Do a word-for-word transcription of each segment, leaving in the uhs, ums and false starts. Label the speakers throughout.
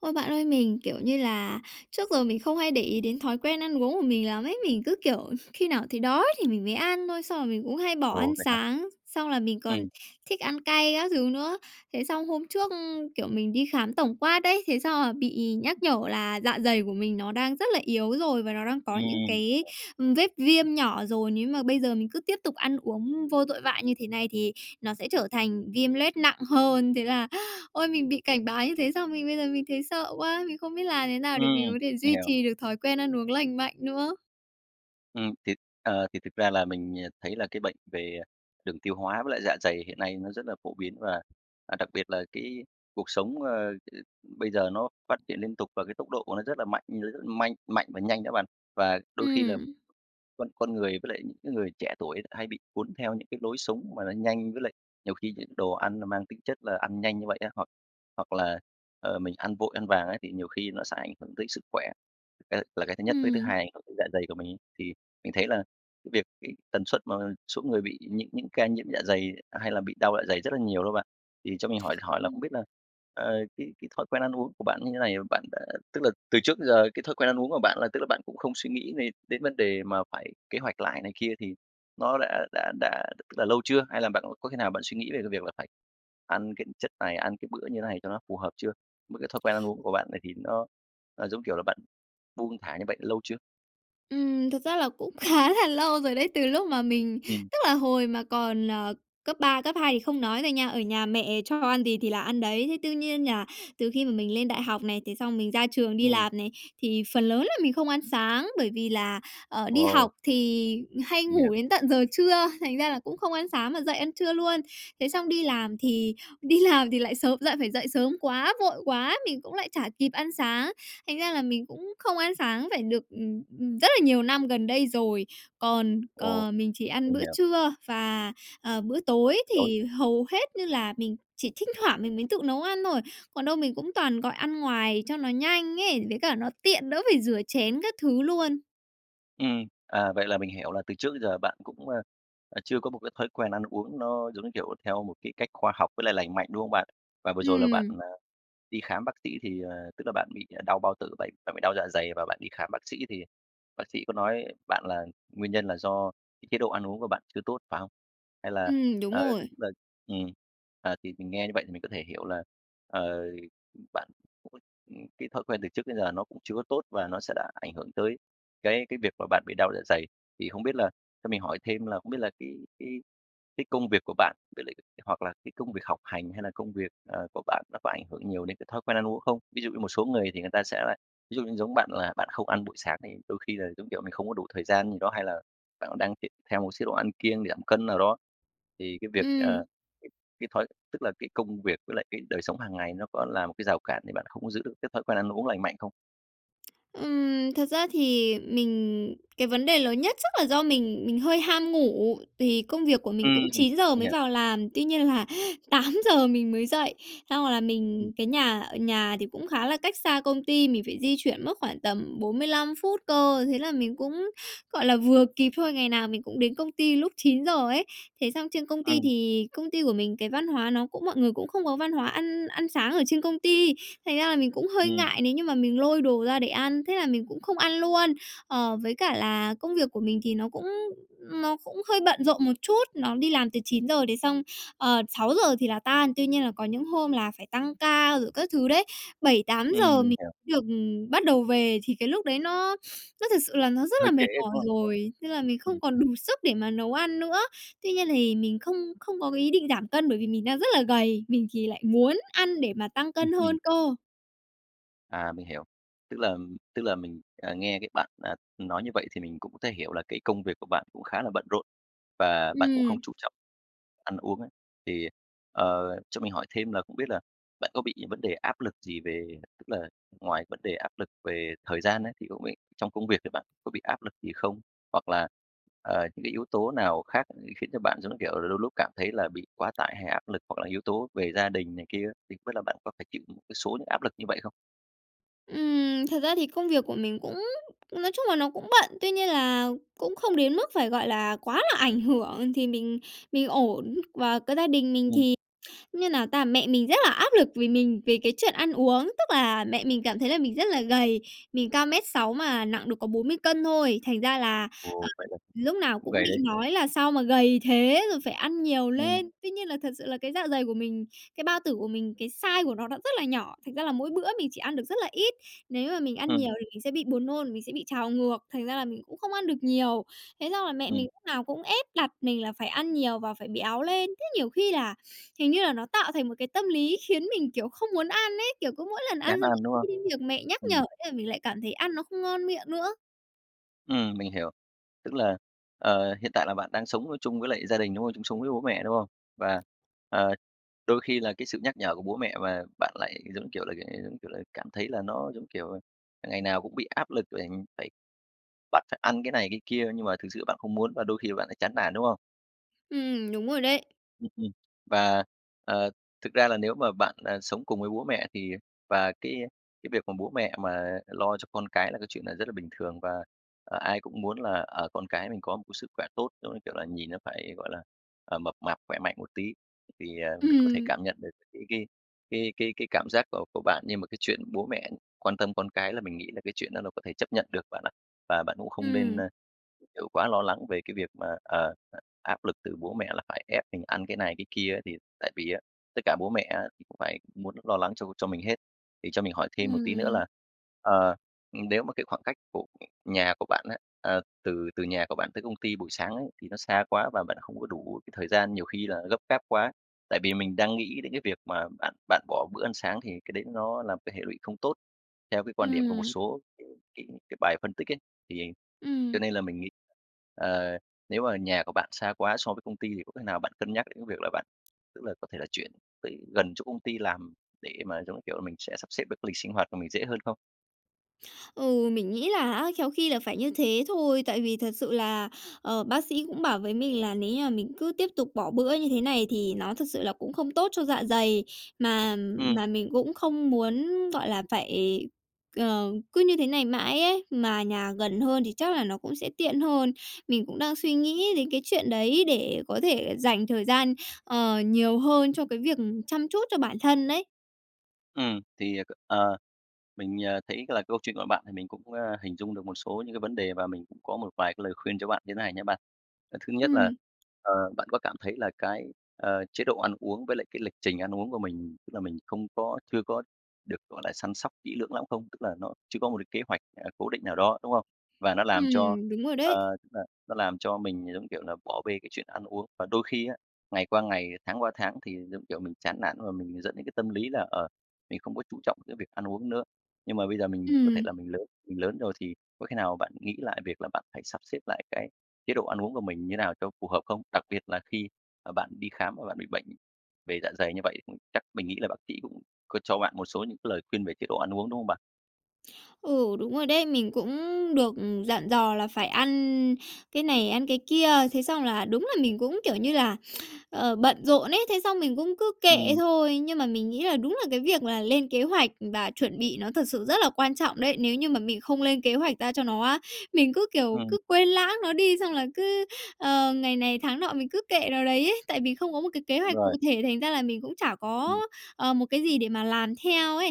Speaker 1: Ôi, bạn ơi, mình, kiểu như là, trước giờ mình không hay để ý đến thói quen ăn uống của mình lắm ấy, mình cứ kiểu khi nào thấy đói thì mình mới ăn thôi. Xong rồi mình cũng hay bỏ ăn
Speaker 2: Ồ, vậy hả?
Speaker 1: sáng, xong là mình còn
Speaker 2: Ừm.
Speaker 1: thích ăn cay các thứ nữa. Thế xong hôm trước, ưm, kiểu, mình đi khám tổng quát ấy, thế xong là bị nhắc nhở là dạ dày của mình nó đang rất là yếu rồi và nó đang có những
Speaker 2: Ừm.
Speaker 1: cái, ừm, vết viêm nhỏ rồi, nếu mà bây giờ mình cứ tiếp tục ăn uống vô tội vạ như thế này thì nó sẽ trở thành viêm loét nặng hơn. Thế là, ôi, mình bị cảnh báo như thế xong mình bây giờ mình thấy sợ quá, mình không biết làm thế nào để mình
Speaker 2: Ừm,
Speaker 1: có thể
Speaker 2: mình
Speaker 1: duy
Speaker 2: hiểu.
Speaker 1: trì được thói quen ăn uống lành mạnh nữa.
Speaker 2: Ừm, thì, ờ, thì thực ra là mình, ờ, thấy là cái bệnh về đường tiêu hóa với lại dạ dày hiện nay nó rất là phổ biến, và, à, đặc biệt là cái cuộc sống, ờ, ờ, bây giờ nó phát triển liên tục và cái tốc độ của nó rất là mạnh, mình thấy rất manh mạnh và nhanh nữa bạn. Và đôi khi là
Speaker 1: Ừm.
Speaker 2: con con người với lại những cái người trẻ tuổi lại hay bị cuốn theo những cái lối sống mà nó nhanh, với lại nhiều khi những đồ ăn là mang tính chất là ăn nhanh như vậy á, hoặc hoặc là, ờ, mình ăn vội ăn vàng ấy, thì nhiều khi nó sẽ ảnh hưởng tới sức khỏe, cái là cái thứ nhất, với thứ
Speaker 1: Ừm.
Speaker 2: hai ảnh hưởng đến dạ dày của mình ấy. Thì mình thấy là cái việc cái tần suất mà số người bị những những ca nhiễm dạ dày hay là bị đau dạ dày rất là nhiều đó bạn. Thì cho mình hỏi hỏi là không
Speaker 1: Ừm.
Speaker 2: biết là, ờ, cái cái thói quen ăn uống của bạn như thế này, bạn đã tức là từ trước đến giờ cái thói quen ăn uống của bạn là, tức là, bạn cũng không suy nghĩ về đến vấn đề mà phải kế hoạch lại này kia, thì nó đã đã đã, tức là, lâu chưa? Hay là bạn có khi nào bạn suy nghĩ về cái việc là phải ăn cái chất này, ăn cái bữa như thế này cho nó phù hợp chưa? Mới cái thói quen ăn uống của bạn này thì nó, à, giống kiểu là bạn buông thả như vậy lâu chưa?
Speaker 1: Ừm, thực ra là cũng khá là lâu rồi đấy, từ lúc mà mình
Speaker 2: Ừm.
Speaker 1: tức là hồi mà còn, ờ, cấp ba, cấp hai thì không nói rồi nha, ở nhà mẹ cho ăn gì thì là ăn đấy. Thế tuy nhiên nhà từ khi mà mình lên đại học này, thế xong mình ra trường đi
Speaker 2: Ừm.
Speaker 1: làm này, thì phần lớn là mình không ăn sáng bởi vì là, ờ, đi
Speaker 2: Ồ.
Speaker 1: học thì hay
Speaker 2: Mình hiểu.
Speaker 1: ngủ đến tận giờ trưa, thành ra là cũng không ăn sáng mà dậy ăn trưa luôn. Thế xong đi làm thì đi làm thì lại sớm, lại phải dậy sớm quá, vội quá, mình cũng lại chả kịp ăn sáng. Thành ra là mình cũng không ăn sáng phải được, ừm, ừm, rất là nhiều năm gần đây rồi. Còn,
Speaker 2: Ồ,
Speaker 1: ờ, mình chỉ ăn
Speaker 2: mình
Speaker 1: bữa
Speaker 2: hiểu.
Speaker 1: trưa và, ờ, bữa tối
Speaker 2: Tối.
Speaker 1: thì hầu hết như là mình chỉ thỉnh thoảng mình mới tự nấu ăn thôi. Còn đâu mình cũng toàn gọi ăn ngoài cho nó nhanh ấy, với cả nó tiện đỡ phải rửa chén các thứ luôn.
Speaker 2: Ừm, à, vậy là mình hiểu là từ trước tới giờ bạn cũng, a, ờ, chưa có một cái thói quen ăn uống nó, giống như kiểu, theo một cái cách khoa học với lại lành mạnh, đúng hông bạn? Và vừa rồi là bạn,
Speaker 1: Ừm.
Speaker 2: ờ, đi khám bác sĩ thì, ờ, tức là bạn bị đau bao tử vậy bạn bị đau dạ dày và bạn đi khám bác sĩ thì bác sĩ có nói bạn, là nguyên nhân là do cái chế độ ăn uống của bạn chưa tốt, phải hông? Hay là
Speaker 1: Ừm, đúng
Speaker 2: ờ,
Speaker 1: rồi.
Speaker 2: tức là, ừm, à, thì mình nghe như vậy thì mình có thể hiểu là, ờ, bạn [unintelligible] ừm, cái thói quen từ trước đến giờ nó cũng chưa có tốt và nó sẽ đã ảnh hưởng tới cái cái việc mà bạn bị đau dạ dày. Thì hông biết là cho mình hỏi thêm là hông biết là cái cái cái công việc của bạn với lại hoặc là cái công việc học hành hay là công việc, ờ, của bạn nó có ảnh hưởng nhiều đến cái thói quen ăn uống không? Ví dụ như một số người thì người ta sẽ là ví dụ như giống bạn là bạn không ăn buổi sáng thì đôi khi là, giống kiểu, mình không có đủ thời gian gì đó? Hay là bạn cũng đang tìm theo một chế độ ăn kiêng để giảm cân nào đó? Thì cái việc,
Speaker 1: Ừm.
Speaker 2: ờ, cái cái thói tức là cái công việc với lại cái đời sống hàng ngày nó có là một cái rào cản để bạn không có giữ được cái thói quen ăn uống lành mạnh không?
Speaker 1: Ừm, thật ra thì mình cái vấn đề lớn nhất chắc là do mình mình hơi ham ngủ, thì công việc của mình
Speaker 2: Ừm,
Speaker 1: cũng chín giờ
Speaker 2: mình
Speaker 1: mới
Speaker 2: hiểu.
Speaker 1: vào làm, tuy nhiên là tám giờ mình mới dậy. Xong rồi là
Speaker 2: Ừm.
Speaker 1: mình cái nhà, ờ, nhà thì cũng khá là cách xa công ty, mình phải di chuyển mất khoảng tầm bốn mươi lăm phút cơ. Thế là mình cũng gọi là vừa kịp thôi, ngày nào mình cũng đến công ty lúc chín giờ ấy. Thế xong trên công ty,
Speaker 2: Ừm.
Speaker 1: thì công ty của mình cái văn hóa nó cũng mọi người cũng không có văn hóa ăn ăn sáng ở trên công ty, thành ra là mình cũng hơi
Speaker 2: Ừm.
Speaker 1: ngại nếu như mà mình lôi đồ ra để ăn, thế là mình cũng không ăn luôn. Ờ, với cả là công việc của mình thì nó cũng nó cũng hơi bận rộn một chút, nó đi làm từ chín giờ đến xong, ờ, sáu giờ thì là tan, tuy nhiên là có những hôm là phải tăng ca rồi các thứ đấy, bảy tám
Speaker 2: Ừm,
Speaker 1: giờ
Speaker 2: mình
Speaker 1: mình
Speaker 2: hiểu.
Speaker 1: được bắt đầu về, thì cái lúc đấy nó nó thực sự là nó rất là
Speaker 2: Hơi trễ,
Speaker 1: mệt mỏi
Speaker 2: đúng không?
Speaker 1: rồi, nên là
Speaker 2: Ừm,
Speaker 1: mình
Speaker 2: ừm.
Speaker 1: không còn đủ sức để mà nấu ăn nữa. Tuy nhiên thì mình không không có cái ý định giảm cân bởi vì mình đang rất là gầy, mình thì lại muốn ăn để mà tăng
Speaker 2: Ừm,
Speaker 1: cân
Speaker 2: ừm.
Speaker 1: hơn cơ.
Speaker 2: À, mình hiểu. Tức là tức là mình, à, nghe cách bạn, à, nói như vậy thì mình cũng thể hiểu là cái công việc của bạn cũng khá là bận rộn, và bạn cũng không
Speaker 1: Ừm.
Speaker 2: chú trọng ăn uống ấy. Thì, ờ, cho mình hỏi thêm là không biết là bạn có bị vấn đề áp lực gì về tức là ngoài vấn đề áp lực về thời gian ấy, thì không biết trong công việc thì bạn có bị áp lực gì không? Hoặc là, ờ, những cái yếu tố nào khác khiến cho bạn giống như kiểu là đôi lúc cảm thấy là bị quá tải hay áp lực, hoặc là yếu tố về gia đình này kia á, thì không biết là bạn có phải chịu một cái số những áp lực như vậy không?
Speaker 1: Ừm, thật ra thì công việc của mình cũng, nói chung là, nó cũng bận, tuy nhiên là cũng không đến mức phải, gọi là, quá là ảnh hưởng thì mình mình ổn. Và cái gia đình mình
Speaker 2: Ừm.
Speaker 1: thì, như nào ta, mẹ mình rất là áp lực vì mình về cái chuyện ăn uống. Tức là mẹ mình cảm thấy là mình rất là gầy. Mình cao mét sáu mà nặng được có bốn mươi cân thôi, thành ra là, à,
Speaker 2: Ồ, vậy là
Speaker 1: lúc nào
Speaker 2: cũng
Speaker 1: cũng
Speaker 2: gầy
Speaker 1: bị
Speaker 2: đấy.
Speaker 1: nói là "Sao mà gầy thế?" rồi "Phải ăn nhiều
Speaker 2: Ừm.
Speaker 1: lên." Tuy nhiên là thật sự là cái dạ dày của mình, cái bao tử của mình, cái size của nó, nó rất là nhỏ, thành ra là mỗi bữa mình chỉ ăn được rất là ít. Nếu mà mình ăn
Speaker 2: Ừm.
Speaker 1: nhiều thì mình sẽ bị buồn nôn, mình sẽ bị trào ngược, thành ra là mình cũng không ăn được nhiều. Thế xong là mẹ mình
Speaker 2: Ừm.
Speaker 1: lúc nào cũng ép đặt mình là phải ăn nhiều và phải béo lên. Thế nhiều khi là hình như là nó tạo thành một cái tâm lý khiến mình, kiểu, không muốn ăn ấy, kiểu, cứ mỗi lần ăn
Speaker 2: Chán
Speaker 1: xong
Speaker 2: ăn, đúng
Speaker 1: [unintelligible]
Speaker 2: không?
Speaker 1: đến việc mẹ nhắc nhở,
Speaker 2: Ừm.
Speaker 1: thế là mình lại cảm thấy ăn nó không ngon miệng nữa.
Speaker 2: Ừm, mình hiểu. Tức là, ờ, hiện tại là bạn đang sống, ơ, chung với lại gia đình, đúng không? Chung sống với bố mẹ, đúng không? Và, ờ, đôi khi là cái sự nhắc nhở của bố mẹ và bạn lại, giống kiểu là, ờ, giống kiểu là, cảm thấy là nó, giống kiểu, ờ, ngày nào cũng bị áp lực, ờ, phải bạn phải ăn cái này cái kia, nhưng mà thực sự bạn không muốn và đôi khi bạn lại chán nản, đúng không?
Speaker 1: Ừm, đúng rồi đấy.
Speaker 2: Ừm, ừm, và, ờ, thực ra là nếu mà bạn, ờ, sống cùng với bố mẹ thì và cái cái việc mà bố mẹ mà lo cho con cái là cái chuyện là rất là bình thường, và, ờ, ai cũng muốn là, ờ, con cái mình có một cái sức khỏe tốt, giống như kiểu là, nhìn nó phải, gọi là, ờ, mập mạp, khỏe mạnh một tí. Thì, ờ, mình có thể
Speaker 1: Ừm.
Speaker 2: cảm nhận được cái cái cái cái cái cảm giác của của bạn, nhưng mà cái chuyện bố mẹ quan tâm con cái là mình nghĩ là cái chuyện đó nó có thể chấp nhận được bạn ạ. Và bạn cũng không nên,
Speaker 1: Ừm.
Speaker 2: ơ, kiểu, quá lo lắng về cái việc mà, ờ, áp lực từ bố mẹ là phải ép mình ăn cái này cái kia, thì tại vì á, tất cả bố mẹ á, thì cũng phải muốn lo lắng cho cho mình hết. Thì cho mình hỏi thêm một tí nữa
Speaker 1: Ừm.
Speaker 2: là, ờ, ừm, nếu mà cái khoảng cách của nhà của bạn á à, từ từ nhà của bạn tới công ty buổi sáng ấy, thì nó xa quá, và bạn không có đủ cái thời gian, nhiều khi là gấp gáp quá ấy, tại vì mình đang nghĩ đến cái việc mà bạn bạn bỏ bữa ăn sáng thì cái đấy nó là một cái hệ lụy không tốt, theo cái quan điểm của một
Speaker 1: Ừm.
Speaker 2: số cái cái cái bài phân tích ấy, thì cho
Speaker 1: Ừm.
Speaker 2: nên là mình nghĩ, ờ, nếu mà nhà của bạn xa quá so với công ty thì có cách nào bạn cân nhắc đến cái việc là bạn tức là có thể là chuyển tới gần chỗ công ty làm để mà, giống như kiểu là, mình sẽ sắp xếp được cái lịch sinh hoạt của mình dễ hơn không?
Speaker 1: Ừ, mình nghĩ là á, khéo khi là phải như thế thôi, tại vì thật sự là, ờ, bác sĩ cũng bảo với mình là nếu như mà mình cứ tiếp tục bỏ bữa như thế này thì nó thực sự là cũng không tốt cho dạ dày. Mà
Speaker 2: Ừm.
Speaker 1: mà mình cũng không muốn, gọi là, phải ờ, cứ như thế này mãi ấy, mà nhà gần hơn thì chắc là nó cũng sẽ tiện hơn. Mình cũng đang suy nghĩ đến cái chuyện đấy để có thể dành thời gian, ờ, nhiều hơn cho cái việc chăm chút cho bản thân ấy.
Speaker 2: Ừm, thì à c ờ, mình, à, thấy là câu chuyện của bạn thì mình cũng, à, hình dung được một số những cái vấn đề, và mình cũng có một vài cái lời khuyên cho bạn như này nha bạn. Ờ, thứ nhất là,
Speaker 1: Ừm.
Speaker 2: ờ, bạn có cảm thấy là cái, ờ, chế độ ăn uống với lại cái lịch trình ăn uống của mình, tức là mình không có chưa có được gọi là săn sóc kỹ lưỡng lắm không? Tức là nó chưa có một cái kế hoạch, à, cố định nào đó, đúng không? Và nó làm cho,
Speaker 1: Ừm, đúng rồi đấy.
Speaker 2: ờ, n nó làm cho mình giống, kiểu là, bỏ bê cái chuyện ăn uống. Và đôi khi á, ngày qua ngày, tháng qua tháng thì, giống kiểu, mình chán nản và mình dẫn đến cái tâm lý là, ờ, mình không có chú trọng cái việc ăn uống nữa. Nhưng mà bây giờ mình có thể
Speaker 1: Ừm.
Speaker 2: là mình lớn mình lớn rồi, thì có khi nào bạn nghĩ lại việc là bạn phải sắp xếp lại cái chế độ ăn uống của mình như nào cho phù hợp không? Đặc biệt là khi, à, bạn đi khám và bạn bị bệnh về dạ dày như vậy, ừm, chắc mình nghĩ là bác sĩ cũng có cho bạn một số những cái lời khuyên về chế độ ăn uống, đúng không bạn?
Speaker 1: Ừ, đúng rồi đấy! Mình cũng được, ừm, dặn dò là phải ăn cái này ăn cái kia, thế xong là đúng là mình cũng, kiểu như là, ờ, bận rộn ấy, thế xong mình cũng cứ kệ
Speaker 2: Ừm.
Speaker 1: thôi. Nhưng mà mình nghĩ là đúng là cái việc mà lên kế hoạch và chuẩn bị nó thật sự rất là quan trọng đấy, nếu như mà mình không lên kế hoạch ra cho nó á, mình cứ, kiểu,
Speaker 2: Ừm.
Speaker 1: cứ quên lãng nó đi xong là cứ, ờ, ngày này tháng nọ mình cứ kệ nó đấy ấy, tại vì không có một cái kế
Speaker 2: Đúng
Speaker 1: hoạch cụ
Speaker 2: rồi.
Speaker 1: thể thành ra là mình cũng chả có,
Speaker 2: Ừm.
Speaker 1: ờ, một cái gì để mà làm theo ấy.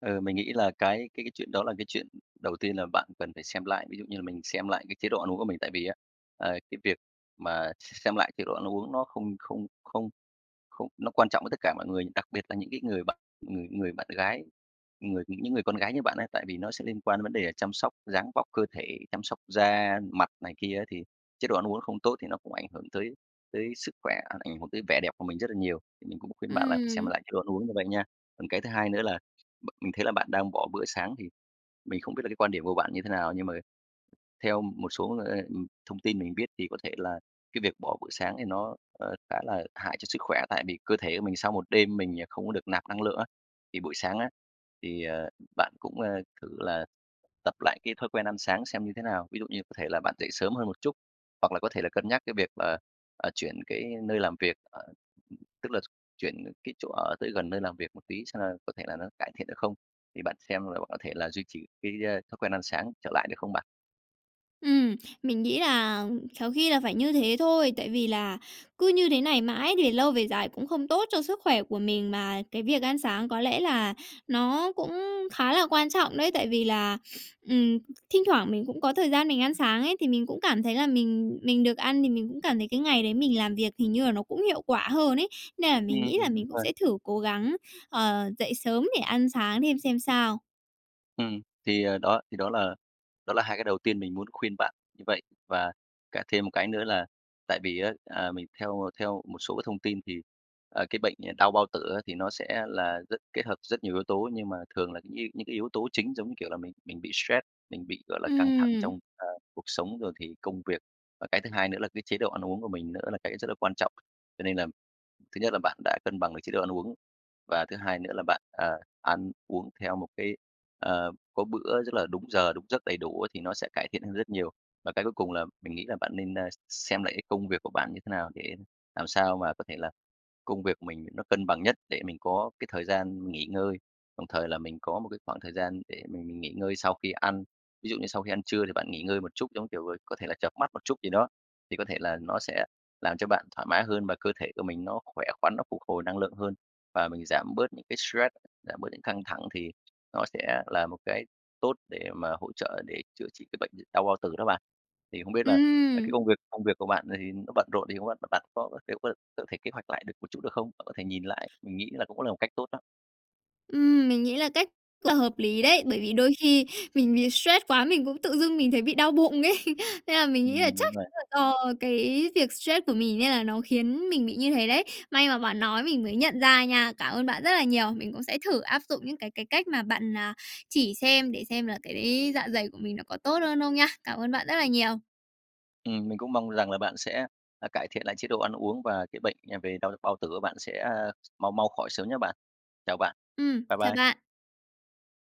Speaker 2: Ờ, mình nghĩ là cái cái cái chuyện đó là cái chuyện đầu tiên là bạn cần phải xem lại, ví dụ như là mình xem lại cái chế độ ăn uống của mình. Tại vì á, ờ, cái việc mà xem lại chế độ ăn uống nó không không không không nó quan trọng với tất cả mọi người, đặc biệt là những cái người bạn ng người bạn gái, người những cái người con gái như bạn ấy. Tại vì nó sẽ liên quan đến vấn đề chăm sóc dáng vóc cơ thể, chăm sóc da mặt này kia ấy, thì chế độ ăn uống nó không tốt thì nó cũng ảnh hưởng tới tới sức khỏe, ả ảnh hưởng tới vẻ đẹp của mình rất là nhiều, thì mình cũng khuyên bạn là xem
Speaker 1: Ừm.
Speaker 2: lại chế độ ăn uống như vậy nha. Còn cái thứ hai nữa là b mình thấy là bạn đang bỏ bữa sáng, thì mình không biết là cái quan điểm của bạn như thế nào, nhưng mà theo một số, ờ, ừm, thông tin mình biết thì có thể là cái việc bỏ buổi sáng thì nó, ờ, khá là hại cho sức khỏe tại vì cơ thể của mình sau một đêm mình, à, không có được nạp năng lượng á, thì buổi sáng á, thì, ờ, bạn cũng, a, thử là tập lại cái thói quen ăn sáng xem như thế nào. Ví dụ như có thể là bạn dậy sớm hơn một chút, hoặc là có thể là cân nhắc cái việc, ờ, ờ, chuyển cái nơi làm việc tức là chuyển cái chỗ ở tới gần nơi làm việc một tí xem là có thể là nó cải thiện được không, thì bạn xem là bạn có thể là duy trì cái, ơ, thói quen ăn sáng trở lại, được không bạn?
Speaker 1: Ừm, mình nghĩ là khéo khi là phải như thế thôi, tại vì là cứ như thế này mãi về lâu về dài cũng không tốt cho sức khỏe của mình, mà cái việc ăn sáng có lẽ là nó cũng khá là quan trọng đấy, tại vì là, ừm, thi thoảng mình cũng có thời gian mình ăn sáng ấy, thì mình cũng cảm thấy là mình mình được ăn thì mình cũng cảm thấy cái ngày đấy mình làm việc hình như là nó cũng hiệu quả hơn ấy. Nên là mình
Speaker 2: Ừm,
Speaker 1: nghĩ là
Speaker 2: đúng
Speaker 1: mình cũng
Speaker 2: rồi.
Speaker 1: sẽ thử cố gắng, ờ, dậy sớm để ăn sáng thêm xem sao.
Speaker 2: Ừm. Thì, ờ, đó, thì đó là đó là hai cái đầu tiên mình muốn khuyên bạn như vậy. Và cả thêm một cái nữa là tại vì á, à, mình theo theo một số cái thông tin thì, à, cái bệnh, ờ, đau bao tử á thì nó sẽ là rất kết hợp rất nhiều yếu tố, nhưng mà thường là như những cái những cái yếu tố chính giống như, kiểu là, mình mình bị stress, mình bị, gọi là, căng thẳng
Speaker 1: Ừm.
Speaker 2: trong, ờ, cuộc sống rồi thì công việc. Và cái thứ hai nữa là cái chế độ ăn uống của mình nữa là cái rất là quan trọng. Cho nên là thứ nhất là bạn đã cân bằng được chế độ ăn uống, và thứ hai nữa là bạn, à, ăn uống theo một cái, ờ, có bữa rất là đúng giờ đúng giấc đầy đủ á thì nó sẽ cải thiện hơn rất nhiều. Và cái cuối cùng là mình nghĩ là bạn nên, ơ, xem lại cái công việc của bạn như thế nào, để làm sao mà có thể là công việc của mình nó cân bằng nhất để mình có cái thời gian nghỉ ngơi, đồng thời là mình có một cái khoảng thời gian để mình mình nghỉ ngơi sau khi ăn. Ví dụ như sau khi ăn trưa thì bạn nghỉ ngơi một chút giống, kiểu, ờ, có thể là chợp mắt một chút gì đó, thì có thể là nó sẽ làm cho bạn thoải mái hơn và cơ thể của mình nó khỏe khoắn, nó phục hồi năng lượng hơn, và mình giảm bớt những cái stress, giảm bớt những căng thẳng, thì nó sẽ là một cái tốt để mà hỗ trợ để chữa trị cái bệnh, ờ, đau bao tử đó bạn. Thì không biết là cái cái
Speaker 1: Ừm.
Speaker 2: công việc công việc của bạn, ờ, thì nó bận rộn thì không biết bạn có [unintelligible] có thể kế hoạch lại được một chút được không? Bạn có thể nhìn lại, mình nghĩ là cũng là một cách tốt đó.
Speaker 1: Ừm, mình nghĩ là cách, ờ, là hợp lý đấy! Bởi vì đôi khi mình bị stress quá mình cũng tự dưng mình thấy bị đau bụng ấy, nên là mình nghĩ
Speaker 2: Ừm,
Speaker 1: là
Speaker 2: [unintelligible]
Speaker 1: chắc
Speaker 2: đúng rồi.
Speaker 1: chắn là do cái việc stress của mình, nên là nó khiến mình bị như thế đấy. May mà bạn nói mình mới nhận ra nha, cảm ơn bạn rất là nhiều. Mình cũng sẽ thử áp dụng những cái cái cách mà bạn, à, chỉ xem để xem là cái dạ dày của mình nó có tốt hơn không nha. Cảm ơn bạn rất là nhiều.
Speaker 2: Ừm, mình cũng mong rằng là bạn sẽ, ờ, cải thiện lại chế độ ăn uống và cái bệnh, à, về đau bao tử của bạn sẽ, ờ, mau mau khỏi sớm nha bạn. Chào bạn.
Speaker 1: Ừm,
Speaker 2: Bye
Speaker 1: chào
Speaker 2: bye.
Speaker 1: bạn.